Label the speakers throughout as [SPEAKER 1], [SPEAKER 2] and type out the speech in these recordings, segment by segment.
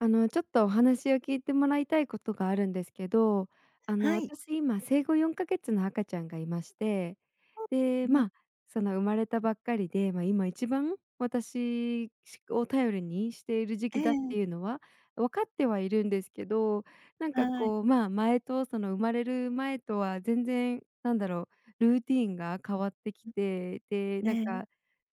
[SPEAKER 1] あのちょっとお話を聞いてもらいたいことがあるんですけど、あの
[SPEAKER 2] はい。
[SPEAKER 1] 私今生後4か月の赤ちゃんがいまして、
[SPEAKER 2] う
[SPEAKER 1] で、
[SPEAKER 2] ね。
[SPEAKER 1] ま、その生まれたばっかりで、ま、今一番、私し、を頼りにしている時
[SPEAKER 2] え
[SPEAKER 1] 期だっ
[SPEAKER 2] え。
[SPEAKER 1] ていうのは分かってはいるんですけど、なんか
[SPEAKER 2] はい。
[SPEAKER 1] こう、ま、前と、その生まれる前とは全然なんだろう、ルーティーンが変わってき
[SPEAKER 2] うん。
[SPEAKER 1] て、で、なん
[SPEAKER 2] ね。
[SPEAKER 1] か、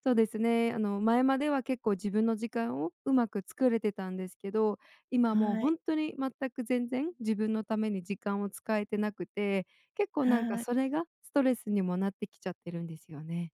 [SPEAKER 1] そうですね、あの前までは結構自分の時間をうまく作れてたんですけど、今もう
[SPEAKER 2] は
[SPEAKER 1] ほ
[SPEAKER 2] い。
[SPEAKER 1] んとに全く、全然、自分のために時間を使えてなくて、結構なんか
[SPEAKER 2] はい。
[SPEAKER 1] それがストレスにもなってきちゃってるんですよね。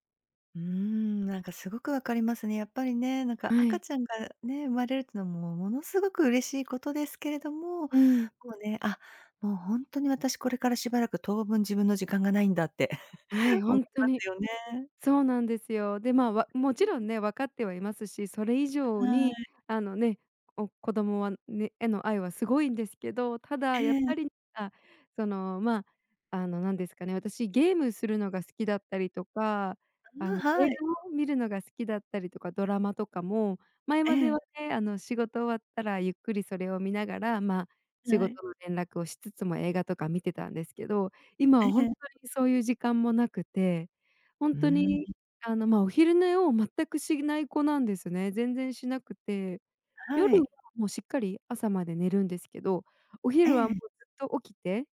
[SPEAKER 2] うーん、なんかすごくわかりますね。やっぱりね、なんか
[SPEAKER 1] は
[SPEAKER 2] 赤
[SPEAKER 1] い。
[SPEAKER 2] ちゃんがね、生まれるっていうのは、もう、ものすごく嬉しいことですけれども、
[SPEAKER 1] うん。
[SPEAKER 2] こうね、あ、もうほんとに私、これからしばらく当分自分の時間がないんだって
[SPEAKER 1] はい、ほ
[SPEAKER 2] 思い
[SPEAKER 1] んと
[SPEAKER 2] ま
[SPEAKER 1] に。
[SPEAKER 2] すよね。
[SPEAKER 1] そうなんですよ。で、まあ、わも
[SPEAKER 2] う、
[SPEAKER 1] ちろ
[SPEAKER 2] う。
[SPEAKER 1] んね、分かってはいますし、それ以上
[SPEAKER 2] は
[SPEAKER 1] に
[SPEAKER 2] い。
[SPEAKER 1] あのね、お、子供はね、への愛はすごいんですけど、ただ
[SPEAKER 2] え
[SPEAKER 1] やっぱ
[SPEAKER 2] え。
[SPEAKER 1] りか、そのま、あのなんですかね、私ゲームするのが好きだったりとか、あ
[SPEAKER 2] あ、
[SPEAKER 1] の映
[SPEAKER 2] はい。
[SPEAKER 1] 画を見るのが好きだったりとか、ドラマとかも前
[SPEAKER 2] え
[SPEAKER 1] まで
[SPEAKER 2] え。
[SPEAKER 1] はね、あの仕事終わったらゆっくりそれを見ながら、ま、仕
[SPEAKER 2] はい。
[SPEAKER 1] 事の連絡をしつつも映画とか見てたんですけど、今
[SPEAKER 2] え
[SPEAKER 1] はほん
[SPEAKER 2] え。
[SPEAKER 1] とにそういう時間もなくて、ほん
[SPEAKER 2] う
[SPEAKER 1] と
[SPEAKER 2] ん。
[SPEAKER 1] にあのま、お昼寝を全くしない子なんですね。全然しなくて、
[SPEAKER 2] は
[SPEAKER 1] 夜は
[SPEAKER 2] い。
[SPEAKER 1] もうしっかり朝まで寝るんですけど、お
[SPEAKER 2] え
[SPEAKER 1] 昼はも
[SPEAKER 2] え。
[SPEAKER 1] うずっと起きて、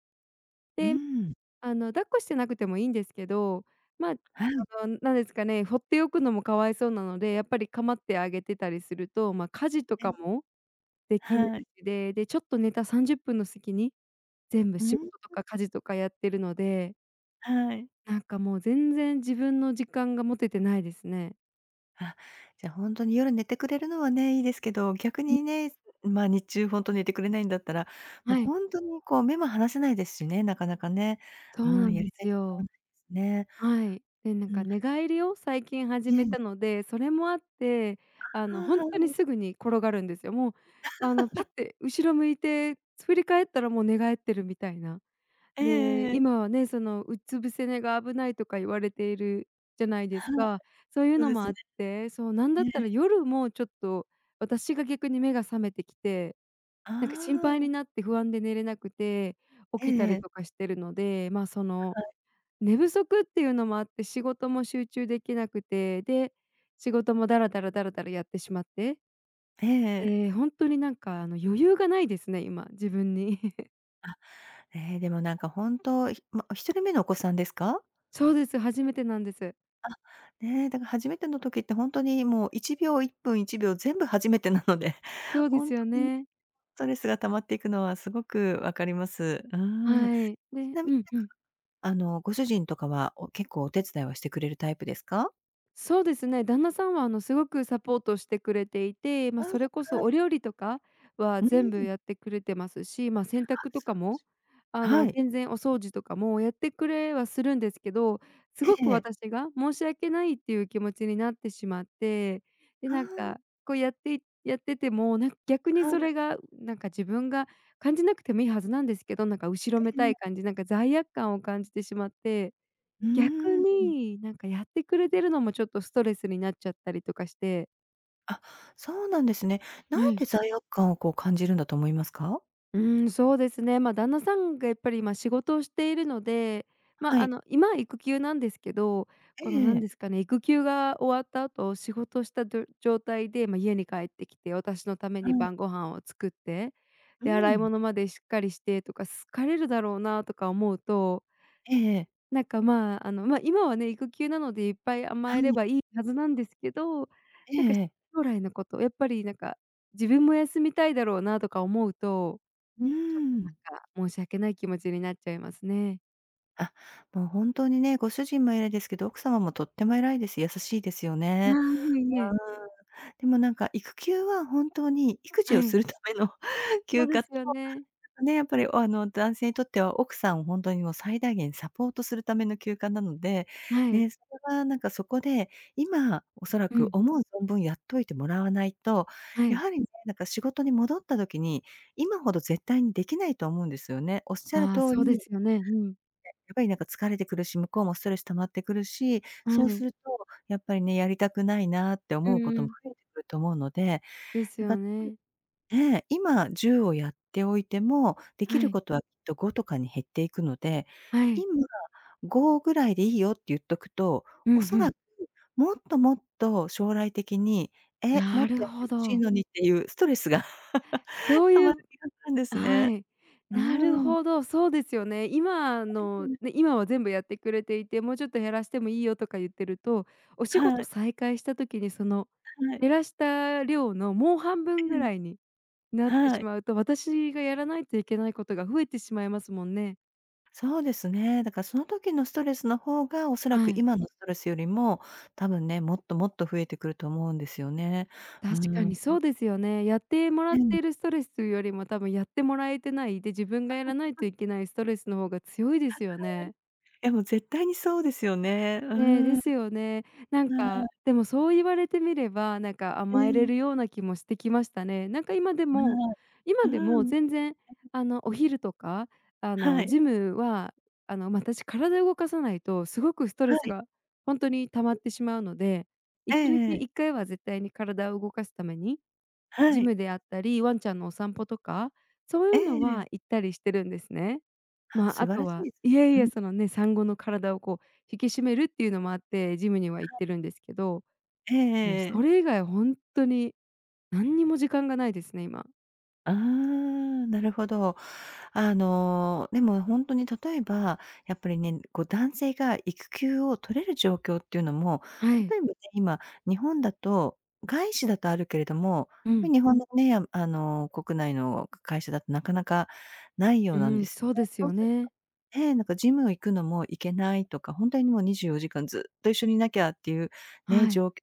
[SPEAKER 2] う
[SPEAKER 1] で、
[SPEAKER 2] ん。
[SPEAKER 1] あの抱っこしてなくてもいいんですけど、まあ、た
[SPEAKER 2] はい。
[SPEAKER 1] ぶんなんですかね、ほっておくのもかわいそうなので、やっぱり構ってあげてたりすると、ま、家事と
[SPEAKER 2] え
[SPEAKER 1] か
[SPEAKER 2] え。
[SPEAKER 1] もできない
[SPEAKER 2] はい。
[SPEAKER 1] しで、でちょっと寝た30分の隙に全部
[SPEAKER 2] う、う
[SPEAKER 1] 仕事と
[SPEAKER 2] ん。
[SPEAKER 1] か家事とかやってるので。
[SPEAKER 2] はい。
[SPEAKER 1] なんかもう全然自分の時間が持ててないですね。
[SPEAKER 2] あ、じゃほんとに夜寝てくれるのはね、いいですけど、逆
[SPEAKER 1] うん。
[SPEAKER 2] にね、す、ま、日中ほんと寝てくれないんだったら、もう
[SPEAKER 1] はい。
[SPEAKER 2] ほんとにこう、目も離せないですしね、なかなかね。
[SPEAKER 1] そ
[SPEAKER 2] う
[SPEAKER 1] うな
[SPEAKER 2] ん、
[SPEAKER 1] ん
[SPEAKER 2] や
[SPEAKER 1] で
[SPEAKER 2] りたい
[SPEAKER 1] す
[SPEAKER 2] 時間はな
[SPEAKER 1] よ。
[SPEAKER 2] いですね。
[SPEAKER 1] はい。でなん
[SPEAKER 2] う
[SPEAKER 1] か
[SPEAKER 2] ん。
[SPEAKER 1] 寝返りを最近始
[SPEAKER 2] え
[SPEAKER 1] め
[SPEAKER 2] え。
[SPEAKER 1] たので、それもあってあ
[SPEAKER 2] あ、
[SPEAKER 1] のほ
[SPEAKER 2] あ
[SPEAKER 1] ん
[SPEAKER 2] あ、
[SPEAKER 1] とに、
[SPEAKER 2] はい。
[SPEAKER 1] すぐに転がるんですよ。もうあのパッ て後ろ向いて振り返ったらもう寝返ってるみたいな。
[SPEAKER 2] えええ
[SPEAKER 1] で、
[SPEAKER 2] えええ。
[SPEAKER 1] 今はね、そのうつ伏せ寝が危ないとか言われているじゃないです
[SPEAKER 2] はい、
[SPEAKER 1] か。そういう
[SPEAKER 2] そう
[SPEAKER 1] の
[SPEAKER 2] で
[SPEAKER 1] も
[SPEAKER 2] す
[SPEAKER 1] あ
[SPEAKER 2] ね。
[SPEAKER 1] って、そう、なんだ
[SPEAKER 2] え
[SPEAKER 1] った
[SPEAKER 2] え。
[SPEAKER 1] ら夜もちょっと私が逆に目が覚めてきて。
[SPEAKER 2] あ
[SPEAKER 1] なんか心配に
[SPEAKER 2] あ。
[SPEAKER 1] なって不安で寝れなくて、
[SPEAKER 2] え
[SPEAKER 1] 起きた
[SPEAKER 2] ええ
[SPEAKER 1] り
[SPEAKER 2] え。
[SPEAKER 1] とかしてるので、ま、その
[SPEAKER 2] はい。
[SPEAKER 1] 寝不足っていうのもあって、仕事も集中できなくて、で、仕事もダラダラダラダラやってしまって、
[SPEAKER 2] ええええ。
[SPEAKER 1] ええ、ほんとになんかあの余裕がないですね、今、自分に。
[SPEAKER 2] あ、ええでもなんか本当、ひも、1人目のお子さんですか？
[SPEAKER 1] そうです、初めてなんです。
[SPEAKER 2] あ、ねえ、だから初めての時って、本当にもう1秒1分1秒全部初めてなので、
[SPEAKER 1] そうです
[SPEAKER 2] 本当
[SPEAKER 1] よ
[SPEAKER 2] に
[SPEAKER 1] ね。
[SPEAKER 2] ストレスが溜まって行くのは、凄く分かります。うーん。因みに
[SPEAKER 1] はい。で
[SPEAKER 2] 何
[SPEAKER 1] うんう
[SPEAKER 2] か、
[SPEAKER 1] ん。
[SPEAKER 2] あの、ご主人とかは、お結構お手伝いはしてくれるタイプですか？
[SPEAKER 1] そうですね、旦那さんは、あの凄くサポートしてくれていて、ま、
[SPEAKER 2] ああ、
[SPEAKER 1] それ
[SPEAKER 2] は
[SPEAKER 1] こそ
[SPEAKER 2] い。
[SPEAKER 1] お料理とかは
[SPEAKER 2] う
[SPEAKER 1] 全部
[SPEAKER 2] ん。
[SPEAKER 1] やって来れてますし、ま、洗濯
[SPEAKER 2] あ、
[SPEAKER 1] と
[SPEAKER 2] 素晴
[SPEAKER 1] か
[SPEAKER 2] らし
[SPEAKER 1] も、
[SPEAKER 2] い。
[SPEAKER 1] あ
[SPEAKER 2] は
[SPEAKER 1] の、
[SPEAKER 2] い。
[SPEAKER 1] 全然お掃除とかもやって来れはするんですけど、凄
[SPEAKER 2] え
[SPEAKER 1] く
[SPEAKER 2] え。
[SPEAKER 1] 私が申し訳ないって言う気持ちになってしまって、で、
[SPEAKER 2] あ
[SPEAKER 1] 何
[SPEAKER 2] あ。
[SPEAKER 1] か、こう、やってやってても、何か逆に
[SPEAKER 2] は
[SPEAKER 1] そ
[SPEAKER 2] い。
[SPEAKER 1] れが、何か自分が、感じなくても良いはずなんですけど、何か後ろめ
[SPEAKER 2] ええ
[SPEAKER 1] た
[SPEAKER 2] ええ。
[SPEAKER 1] い感じ何か罪悪感を感じてしまって、
[SPEAKER 2] う
[SPEAKER 1] 逆
[SPEAKER 2] ーん。
[SPEAKER 1] に、何かやって来れてるのも、ちょっとストレスになっちゃったりとかして
[SPEAKER 2] あ、そうなんですね。何
[SPEAKER 1] はい。
[SPEAKER 2] で罪悪感をこう感じるんだと思いますか？
[SPEAKER 1] うーん、そうですね。ま、旦那さんがやっぱり、今仕事をしているので、ま、
[SPEAKER 2] は
[SPEAKER 1] あ
[SPEAKER 2] い。
[SPEAKER 1] の今は育休なんですけど、
[SPEAKER 2] え
[SPEAKER 1] この何
[SPEAKER 2] え。
[SPEAKER 1] ですかね、育休が終わった後仕事したど、状態で、ま、家に帰って来て私の為
[SPEAKER 2] は
[SPEAKER 1] に
[SPEAKER 2] い。
[SPEAKER 1] 晩御飯を作って、
[SPEAKER 2] う
[SPEAKER 1] で、洗い
[SPEAKER 2] ん。
[SPEAKER 1] 物までしっかりしてとか疲れるだろうなとか思うと
[SPEAKER 2] ええええ。
[SPEAKER 1] 何か、まあ、あの今はね育休なのでいっぱい
[SPEAKER 2] は
[SPEAKER 1] 甘えれ
[SPEAKER 2] い。
[SPEAKER 1] ば良いはずなんですけど、
[SPEAKER 2] え
[SPEAKER 1] 何か
[SPEAKER 2] えええ。
[SPEAKER 1] 将来の事、やっぱり何か、自分も休みたいだろうなとか思うと、
[SPEAKER 2] うー
[SPEAKER 1] ちょっと何
[SPEAKER 2] ん。
[SPEAKER 1] か、申し訳ない気持ちになっちゃいますね。
[SPEAKER 2] あ、もう本当にね、ご主人も偉いですけど、奥様もとっても偉いです。優しいですよ
[SPEAKER 1] あ
[SPEAKER 2] ね。
[SPEAKER 1] あ、いえいえ。
[SPEAKER 2] うーん。でもなんか、育休は本当に育児
[SPEAKER 1] は
[SPEAKER 2] をす
[SPEAKER 1] い。
[SPEAKER 2] るための
[SPEAKER 1] そ
[SPEAKER 2] 休
[SPEAKER 1] うで
[SPEAKER 2] 暇と、
[SPEAKER 1] すよね。
[SPEAKER 2] ね、やっぱり、あの、男性にとっては奥さんを本当にもう最大限サポートするための休暇なので、
[SPEAKER 1] はい。
[SPEAKER 2] ね、それはなんかそこで、今おそら
[SPEAKER 1] う
[SPEAKER 2] く
[SPEAKER 1] ん。
[SPEAKER 2] 思う存分やっといてもらわないと、
[SPEAKER 1] は
[SPEAKER 2] や
[SPEAKER 1] い。
[SPEAKER 2] はりね、なんか仕事に戻った時に、今ほど絶対にできないと思うんですよね。おっしゃる
[SPEAKER 1] ああ、
[SPEAKER 2] 通
[SPEAKER 1] そう
[SPEAKER 2] り、ね、
[SPEAKER 1] ですよね。うん。
[SPEAKER 2] やっぱりなんか疲れてくるし、向こうもストレス溜まってくるし、
[SPEAKER 1] は
[SPEAKER 2] そうす
[SPEAKER 1] い。
[SPEAKER 2] るとやっぱりね、やりたくないなって
[SPEAKER 1] う
[SPEAKER 2] 思うこ
[SPEAKER 1] ー
[SPEAKER 2] とも
[SPEAKER 1] ん。
[SPEAKER 2] 増えてくると思うので、
[SPEAKER 1] です
[SPEAKER 2] なんか
[SPEAKER 1] よ ね。
[SPEAKER 2] ねえ、今10をやっておいても、でき
[SPEAKER 1] は
[SPEAKER 2] る
[SPEAKER 1] い。
[SPEAKER 2] ことはきっと5とかに減っていくので、
[SPEAKER 1] はい。
[SPEAKER 2] 今、5ぐらいでいいよって言っとくと、
[SPEAKER 1] うん
[SPEAKER 2] お
[SPEAKER 1] う
[SPEAKER 2] そ
[SPEAKER 1] ん。
[SPEAKER 2] らく、もっともっと将来的に、え、も
[SPEAKER 1] な
[SPEAKER 2] っ
[SPEAKER 1] る
[SPEAKER 2] とやって
[SPEAKER 1] ほ
[SPEAKER 2] 欲しい
[SPEAKER 1] ど。
[SPEAKER 2] のにっていうストレスが
[SPEAKER 1] そ う
[SPEAKER 2] た
[SPEAKER 1] い
[SPEAKER 2] まる
[SPEAKER 1] う
[SPEAKER 2] 気がするんです
[SPEAKER 1] は
[SPEAKER 2] ね。
[SPEAKER 1] い。
[SPEAKER 2] う
[SPEAKER 1] なる
[SPEAKER 2] ん。
[SPEAKER 1] ほど、そうですよね。今の、ね、今は全部やってくれていて、もうちょっと減らしてもいいよとか言ってると、お仕
[SPEAKER 2] は
[SPEAKER 1] 事
[SPEAKER 2] い。
[SPEAKER 1] 再開した時にその
[SPEAKER 2] はい。
[SPEAKER 1] 減らした量のもう半分
[SPEAKER 2] う
[SPEAKER 1] ぐ
[SPEAKER 2] ん。
[SPEAKER 1] らいになって
[SPEAKER 2] は
[SPEAKER 1] し
[SPEAKER 2] い。
[SPEAKER 1] まうと、私がやらないといけないことが増えてしまいますもんね。
[SPEAKER 2] そうですね。だからその時のストレスの方が、おそら
[SPEAKER 1] は
[SPEAKER 2] く
[SPEAKER 1] い。
[SPEAKER 2] 今のストレスよりも、たぶんね、もっともっと増えてくると思うんですよね。うー
[SPEAKER 1] 確かにそ
[SPEAKER 2] ん。
[SPEAKER 1] うですよね。やってもらっ
[SPEAKER 2] うん。
[SPEAKER 1] ているストレスというよりも多分やってもらえてない、で、自分がやらないと いけないストレスの方が強いです
[SPEAKER 2] は
[SPEAKER 1] よね。
[SPEAKER 2] い。でも絶対にそうですよね。う
[SPEAKER 1] ね、
[SPEAKER 2] ん。
[SPEAKER 1] で
[SPEAKER 2] は
[SPEAKER 1] すよね。なん
[SPEAKER 2] い。
[SPEAKER 1] か、でもそう言われてみれば、なんか
[SPEAKER 2] う
[SPEAKER 1] 甘えれ
[SPEAKER 2] ん。
[SPEAKER 1] るような気もしてきましたね。なんか今で
[SPEAKER 2] は
[SPEAKER 1] も
[SPEAKER 2] い、う
[SPEAKER 1] 今でも
[SPEAKER 2] ん。え
[SPEAKER 1] 全然、
[SPEAKER 2] え。
[SPEAKER 1] あの、お昼とか、あ
[SPEAKER 2] は
[SPEAKER 1] の、
[SPEAKER 2] い。
[SPEAKER 1] ジムは、あの、私体動かさないとすごくスト
[SPEAKER 2] は
[SPEAKER 1] レス
[SPEAKER 2] い。
[SPEAKER 1] がほんとに溜まっ てしまうのでい
[SPEAKER 2] え
[SPEAKER 1] ちに
[SPEAKER 2] え
[SPEAKER 1] ち
[SPEAKER 2] ええ。
[SPEAKER 1] 1回は絶対に体を動かすために、
[SPEAKER 2] は
[SPEAKER 1] ジ
[SPEAKER 2] い。
[SPEAKER 1] ムであったり、ワンちゃんのお散歩とか、そうい
[SPEAKER 2] え
[SPEAKER 1] うの
[SPEAKER 2] え。
[SPEAKER 1] は行ったりしてるんですね。
[SPEAKER 2] あ、
[SPEAKER 1] ま、
[SPEAKER 2] 素
[SPEAKER 1] あ
[SPEAKER 2] 晴
[SPEAKER 1] と
[SPEAKER 2] らしい
[SPEAKER 1] は
[SPEAKER 2] で
[SPEAKER 1] いやい
[SPEAKER 2] すね。う
[SPEAKER 1] や
[SPEAKER 2] ん。
[SPEAKER 1] そのね、産後の体をこう引き締めるっていうのもあって、ジムには行っ
[SPEAKER 2] はい。
[SPEAKER 1] てるんですけど、
[SPEAKER 2] えええ
[SPEAKER 1] もう
[SPEAKER 2] ええ
[SPEAKER 1] そ
[SPEAKER 2] え。
[SPEAKER 1] れ以外ほんとに何にも時間がないですね、今。
[SPEAKER 2] ああ、なるほど。あの、でも、ほんとに例えば、やっぱりね、こう、男性が育休を取れる状況っていうのも、
[SPEAKER 1] はい。
[SPEAKER 2] 例えばね、今日本だと、外資だとあるけれども、
[SPEAKER 1] う
[SPEAKER 2] やっぱ
[SPEAKER 1] ん。
[SPEAKER 2] り日本のね、あの、国内の会社だとなかなかないよう
[SPEAKER 1] う
[SPEAKER 2] なんで
[SPEAKER 1] ん、
[SPEAKER 2] す
[SPEAKER 1] そう です
[SPEAKER 2] そう
[SPEAKER 1] よ
[SPEAKER 2] すと、
[SPEAKER 1] ね。
[SPEAKER 2] ええ、なんかジム行くのも行けないとか、ほんとにもう24時間ずっと一緒にいなきゃっていうね、
[SPEAKER 1] は
[SPEAKER 2] じ
[SPEAKER 1] い。
[SPEAKER 2] ょう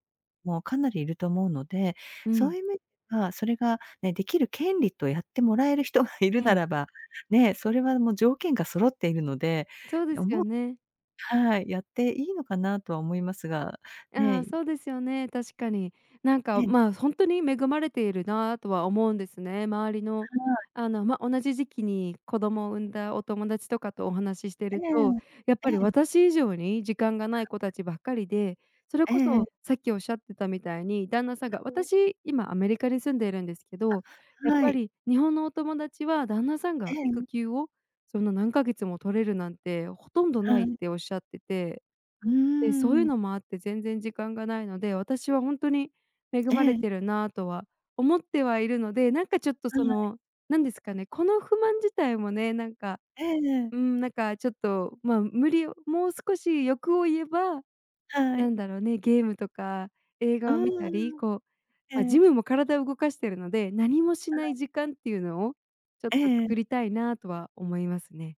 [SPEAKER 2] もかなりいると思うので、
[SPEAKER 1] う
[SPEAKER 2] そう
[SPEAKER 1] ん。
[SPEAKER 2] いう面はそれがね、できる権利とやってもらえる人がいる
[SPEAKER 1] う
[SPEAKER 2] な
[SPEAKER 1] ん。
[SPEAKER 2] らば、ね、それはもう条件が揃っているので、
[SPEAKER 1] そうで
[SPEAKER 2] お
[SPEAKER 1] すよ
[SPEAKER 2] も
[SPEAKER 1] ね。
[SPEAKER 2] はい。やっていいのかなとは思いますが、
[SPEAKER 1] あ、
[SPEAKER 2] ね。
[SPEAKER 1] そうですよね。確かに。なん
[SPEAKER 2] え
[SPEAKER 1] か、
[SPEAKER 2] え。
[SPEAKER 1] ま、ほんとに恵まれているなとは思うんですね。周りの
[SPEAKER 2] はい。
[SPEAKER 1] あの、ま、同じ時期に子供を産んだお友達とかとお話しして
[SPEAKER 2] え
[SPEAKER 1] ると、
[SPEAKER 2] え、
[SPEAKER 1] やっ
[SPEAKER 2] え
[SPEAKER 1] ぱり
[SPEAKER 2] え。
[SPEAKER 1] 私以上に時間がない子たちばっかりで、それ
[SPEAKER 2] え
[SPEAKER 1] こ
[SPEAKER 2] ええ
[SPEAKER 1] そ
[SPEAKER 2] え。
[SPEAKER 1] さっきおっしゃってたみたいに、旦那さんが
[SPEAKER 2] [unintelligible]
[SPEAKER 1] 私今アメリカに住んでるんですけど、や
[SPEAKER 2] あ、
[SPEAKER 1] っ
[SPEAKER 2] は
[SPEAKER 1] ぱ
[SPEAKER 2] い。
[SPEAKER 1] り日本のお友達は旦那さん
[SPEAKER 2] え
[SPEAKER 1] が育
[SPEAKER 2] え。
[SPEAKER 1] 休をそんな何ヶ月も取れるなんて、ほとんどな
[SPEAKER 2] は
[SPEAKER 1] いっ
[SPEAKER 2] い。
[SPEAKER 1] ておっしゃってて。
[SPEAKER 2] う
[SPEAKER 1] で、そうい
[SPEAKER 2] ー
[SPEAKER 1] う
[SPEAKER 2] ん。
[SPEAKER 1] のもあって全然時間がないので、私はほんとに恵ま
[SPEAKER 2] え
[SPEAKER 1] れ
[SPEAKER 2] え。
[SPEAKER 1] てるなとは思ってはいるので、なんかちょっと
[SPEAKER 2] は
[SPEAKER 1] そ
[SPEAKER 2] い。
[SPEAKER 1] の、なんですかね、この不満自体もね、なんか、
[SPEAKER 2] ええええ。
[SPEAKER 1] うーん、なんかちょっとま、無理をもう少し欲を言えば、
[SPEAKER 2] はい。
[SPEAKER 1] 何だろね、ゲームとか映
[SPEAKER 2] う
[SPEAKER 1] 画を見たり、
[SPEAKER 2] ーん、
[SPEAKER 1] こう、
[SPEAKER 2] え
[SPEAKER 1] ま、ジ
[SPEAKER 2] え。
[SPEAKER 1] ムも体を動かしてるので、何もし
[SPEAKER 2] は
[SPEAKER 1] ない
[SPEAKER 2] い。
[SPEAKER 1] 時間っていうのをちょっ
[SPEAKER 2] え
[SPEAKER 1] と
[SPEAKER 2] え。
[SPEAKER 1] 作りたいなとは思いますね。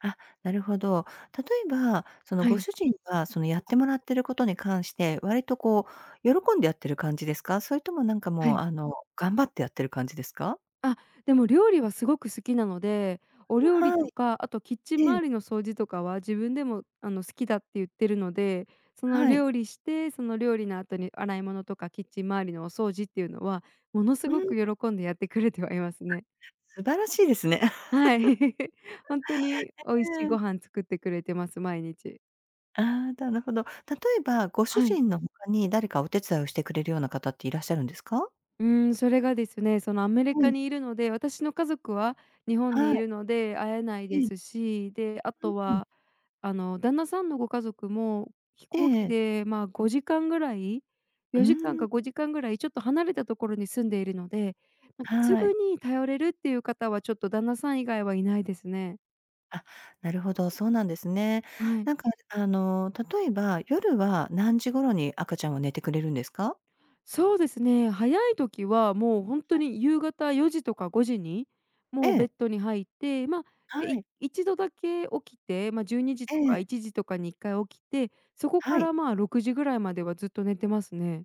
[SPEAKER 2] あ、なるほど。例えばその
[SPEAKER 1] は
[SPEAKER 2] ご
[SPEAKER 1] い。
[SPEAKER 2] 主人がそのやってもらってることに関して、割とこう喜んでやってる感じですか？それとも、なんか
[SPEAKER 1] は
[SPEAKER 2] もう、
[SPEAKER 1] い。
[SPEAKER 2] あの頑張ってやってる感じですか？
[SPEAKER 1] あ、でも料理はすごく好きなので、お
[SPEAKER 2] うわ、
[SPEAKER 1] 料理
[SPEAKER 2] は
[SPEAKER 1] と
[SPEAKER 2] い。
[SPEAKER 1] か、あとキッチン
[SPEAKER 2] え
[SPEAKER 1] 周
[SPEAKER 2] え。
[SPEAKER 1] りの掃除とかは、自分でもあの好きだってゆってるので、その
[SPEAKER 2] はい。
[SPEAKER 1] 料理して、その料理の後に洗い物とかキッチン周りのお掃除っていうのはものす
[SPEAKER 2] う
[SPEAKER 1] ごく
[SPEAKER 2] ん。
[SPEAKER 1] 喜んでやってくれてはいます
[SPEAKER 2] あ、
[SPEAKER 1] ね。
[SPEAKER 2] 素晴らしいですね。
[SPEAKER 1] はい。ほんとに 美味
[SPEAKER 2] え
[SPEAKER 1] し
[SPEAKER 2] え
[SPEAKER 1] い
[SPEAKER 2] え
[SPEAKER 1] ご
[SPEAKER 2] え。
[SPEAKER 1] 飯作ってくれてます、毎日。
[SPEAKER 2] ああ、なるほど。例えばご主
[SPEAKER 1] はい。
[SPEAKER 2] 人の他に誰かお手伝いをしてくれるような方っていらっしゃるんですか？
[SPEAKER 1] うーん、それがですね、そのアメリ
[SPEAKER 2] う
[SPEAKER 1] カ
[SPEAKER 2] ん。
[SPEAKER 1] にいるので、私の家族は、日本に
[SPEAKER 2] は
[SPEAKER 1] い
[SPEAKER 2] い。
[SPEAKER 1] るので会えないで
[SPEAKER 2] ええ。
[SPEAKER 1] すし、で、あ
[SPEAKER 2] う
[SPEAKER 1] と
[SPEAKER 2] うん。
[SPEAKER 1] は、あの旦那さんのご家族も飛
[SPEAKER 2] え
[SPEAKER 1] 行機
[SPEAKER 2] え。
[SPEAKER 1] で、ま、5時間ぐらい、
[SPEAKER 2] うー
[SPEAKER 1] 4時間か、
[SPEAKER 2] ん。
[SPEAKER 1] 5時間ぐらいちょっと離れたところに住んでいるので、なんかす
[SPEAKER 2] は
[SPEAKER 1] ぐ
[SPEAKER 2] い。
[SPEAKER 1] に頼れるっていう方はちょっと旦那さん以外はいないですね。
[SPEAKER 2] あ、なるほど、そうなんですね。
[SPEAKER 1] はい。
[SPEAKER 2] なんか、ああの例えば、夜は何時頃に赤ちゃんは寝てくれるんですか？
[SPEAKER 1] そうですね、早い時はもうほんと
[SPEAKER 2] はい。
[SPEAKER 1] に夕方4時とか5時に
[SPEAKER 2] え
[SPEAKER 1] もうベ
[SPEAKER 2] え。
[SPEAKER 1] ッドに入って、ま
[SPEAKER 2] は
[SPEAKER 1] あ、い
[SPEAKER 2] い。
[SPEAKER 1] 1度だけ起きて、ま、12時と
[SPEAKER 2] え
[SPEAKER 1] か
[SPEAKER 2] え。
[SPEAKER 1] 1時とかに1回起きて、そこか
[SPEAKER 2] はい。
[SPEAKER 1] ら、まあ、6時ぐらいまではずっと寝てますね。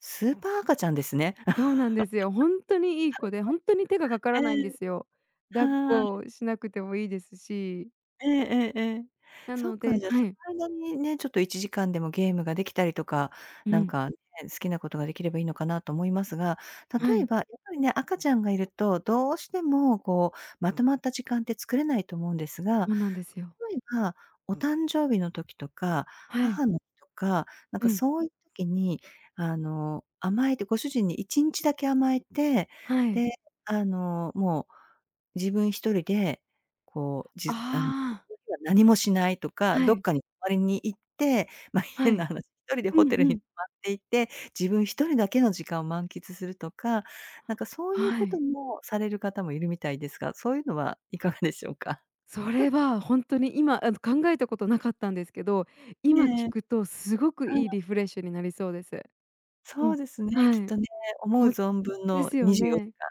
[SPEAKER 2] スーパー赤ちゃんですね。
[SPEAKER 1] そうなんですよ。ほんとにいい子で、ほんとに手が かか
[SPEAKER 2] え
[SPEAKER 1] らないんで
[SPEAKER 2] え。
[SPEAKER 1] すよ。抱っ
[SPEAKER 2] は
[SPEAKER 1] こ
[SPEAKER 2] い。
[SPEAKER 1] しなくてもいいですし
[SPEAKER 2] ええええええ。
[SPEAKER 1] な
[SPEAKER 2] そっ
[SPEAKER 1] の
[SPEAKER 2] か、
[SPEAKER 1] で
[SPEAKER 2] じゃあ、
[SPEAKER 1] は
[SPEAKER 2] そ
[SPEAKER 1] い。
[SPEAKER 2] の間にね、ちょっと1時間でもゲームができたりとか、
[SPEAKER 1] う
[SPEAKER 2] なん
[SPEAKER 1] ん。
[SPEAKER 2] かね、好きなことができればいいのかなと思いますが、
[SPEAKER 1] は
[SPEAKER 2] 例え
[SPEAKER 1] い。
[SPEAKER 2] ば、やっぱりね、赤ちゃんがいると、どうしても、こう、まとまった時間って作れないと思うんですが、
[SPEAKER 1] そうなんですよ。
[SPEAKER 2] 例えば、お誕生日の時とか、
[SPEAKER 1] はい。
[SPEAKER 2] 母の日とか、なん
[SPEAKER 1] う
[SPEAKER 2] か
[SPEAKER 1] ん。
[SPEAKER 2] そういう時に、あの、甘えて、ご主人に1日だけ甘えて、
[SPEAKER 1] はい。
[SPEAKER 2] で、あの、もう、自分1人で、こう、じ
[SPEAKER 1] あ
[SPEAKER 2] ゅ、あん [unintelligible]
[SPEAKER 1] あ。
[SPEAKER 2] 何もしないとか、
[SPEAKER 1] は
[SPEAKER 2] どっ
[SPEAKER 1] い。
[SPEAKER 2] かに泊まりに行って、ま、
[SPEAKER 1] は
[SPEAKER 2] 変な
[SPEAKER 1] い。
[SPEAKER 2] 話1人で
[SPEAKER 1] う
[SPEAKER 2] ホ
[SPEAKER 1] ん
[SPEAKER 2] テル
[SPEAKER 1] う
[SPEAKER 2] に
[SPEAKER 1] ん。
[SPEAKER 2] 泊まっていて、自分1人だけの時間満喫するとか、なんかそういう
[SPEAKER 1] は
[SPEAKER 2] こと
[SPEAKER 1] い。
[SPEAKER 2] もされる方もいるみたいですが、そういうのはいかがでしょうか？
[SPEAKER 1] それはほんとに今あの、考えたことなかったんですけど、今
[SPEAKER 2] ねえ。
[SPEAKER 1] 聞くとすごく
[SPEAKER 2] は
[SPEAKER 1] いい
[SPEAKER 2] い。
[SPEAKER 1] リフレッシュになりそうです。う
[SPEAKER 2] そ
[SPEAKER 1] ん、
[SPEAKER 2] うですね、
[SPEAKER 1] は
[SPEAKER 2] き
[SPEAKER 1] い。
[SPEAKER 2] っとね、思う
[SPEAKER 1] もう
[SPEAKER 2] 存分
[SPEAKER 1] で
[SPEAKER 2] の
[SPEAKER 1] すよ
[SPEAKER 2] にじゅうよ
[SPEAKER 1] ね。
[SPEAKER 2] じかん。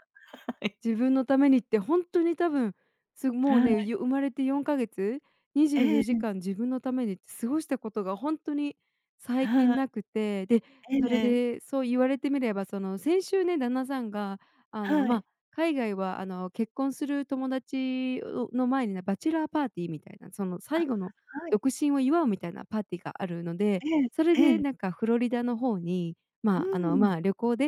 [SPEAKER 2] はい。
[SPEAKER 1] 自分のためにってほんとに多分、す、もう
[SPEAKER 2] は
[SPEAKER 1] ね、
[SPEAKER 2] い。
[SPEAKER 1] ゆ生まれて4か月にじゅう
[SPEAKER 2] え
[SPEAKER 1] よじ
[SPEAKER 2] え。
[SPEAKER 1] かん自分のために過ごしたことがほんとに最
[SPEAKER 2] は
[SPEAKER 1] 近
[SPEAKER 2] い。
[SPEAKER 1] なくて。で、そ
[SPEAKER 2] え
[SPEAKER 1] れ
[SPEAKER 2] え。
[SPEAKER 1] でそう言われてみればその、先週ね旦那さんがあの、
[SPEAKER 2] はい。
[SPEAKER 1] ま、海外はあの、結婚する友達、う、の前にね、バチェラーパーティーみたいな、その
[SPEAKER 2] あ、
[SPEAKER 1] 最後の
[SPEAKER 2] はい。
[SPEAKER 1] 独身を祝うみたいなパーティーがあるので、
[SPEAKER 2] ええ、
[SPEAKER 1] それ
[SPEAKER 2] え
[SPEAKER 1] で
[SPEAKER 2] え。
[SPEAKER 1] なんかフロリダの方に、
[SPEAKER 2] う
[SPEAKER 1] ま、あの
[SPEAKER 2] ん。
[SPEAKER 1] ま、旅行で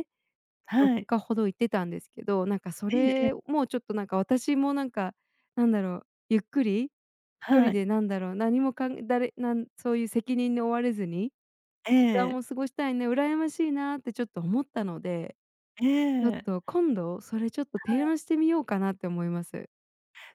[SPEAKER 1] よっ
[SPEAKER 2] はい。
[SPEAKER 1] かほど行ってたんですけど、なんかそ
[SPEAKER 2] ええええ。
[SPEAKER 1] れもちょっとなんか、私もなんか、なんだろう、ゆっくりひと
[SPEAKER 2] は
[SPEAKER 1] り
[SPEAKER 2] い。
[SPEAKER 1] でなんだろう、何もかんだり、なんそういう責任に追われずに、
[SPEAKER 2] え
[SPEAKER 1] 時間
[SPEAKER 2] え。
[SPEAKER 1] を過ごしたいね、羨ましいなってちょっと思ったので。ちょっ
[SPEAKER 2] ええ。
[SPEAKER 1] と今度それちょっと
[SPEAKER 2] は
[SPEAKER 1] 提
[SPEAKER 2] い。
[SPEAKER 1] 案してみようかなって思います。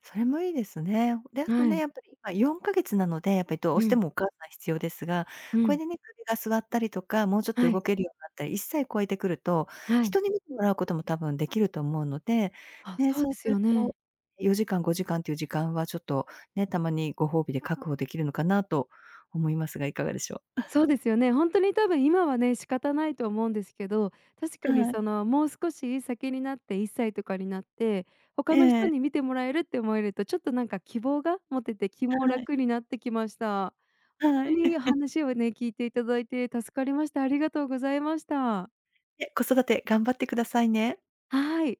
[SPEAKER 2] それもいいですね。で、あと
[SPEAKER 1] は
[SPEAKER 2] ね、
[SPEAKER 1] い。
[SPEAKER 2] やっぱり今4か月なので、やっぱりどう
[SPEAKER 1] う
[SPEAKER 2] して
[SPEAKER 1] ん。
[SPEAKER 2] もお母さん必要ですが、
[SPEAKER 1] う
[SPEAKER 2] これ
[SPEAKER 1] ん。
[SPEAKER 2] でね、首が座ったりとか、もうちょっと
[SPEAKER 1] は
[SPEAKER 2] 動
[SPEAKER 1] い。
[SPEAKER 2] けるようになったり、1歳超えてくると、
[SPEAKER 1] はい。
[SPEAKER 2] 人に見てもらうことも多分できると思うので、
[SPEAKER 1] あ、
[SPEAKER 2] ね、
[SPEAKER 1] そう
[SPEAKER 2] そう
[SPEAKER 1] で
[SPEAKER 2] す
[SPEAKER 1] す
[SPEAKER 2] る
[SPEAKER 1] よ
[SPEAKER 2] と
[SPEAKER 1] ね。
[SPEAKER 2] 4時間、5時間っていう時間はちょっと、ね、たまにご褒美で確保できるのかなと思いますが、いかがでしょう？
[SPEAKER 1] そう ですよね。ほんとに多分今はね、仕方ないと思うんですけど、確かに
[SPEAKER 2] はい。
[SPEAKER 1] その、もう少し先になって1歳とかになって、他の
[SPEAKER 2] え
[SPEAKER 1] 人
[SPEAKER 2] え。
[SPEAKER 1] に見てもらえるって思えると、ちょっとなんか希望が持てて気も
[SPEAKER 2] はい。
[SPEAKER 1] 楽になってきました。ほ
[SPEAKER 2] は
[SPEAKER 1] ん
[SPEAKER 2] い。
[SPEAKER 1] とに 話をね、聞いていただいて助かりました。ありがとうございました。
[SPEAKER 2] え、子育て頑張ってくださいね。
[SPEAKER 1] はい。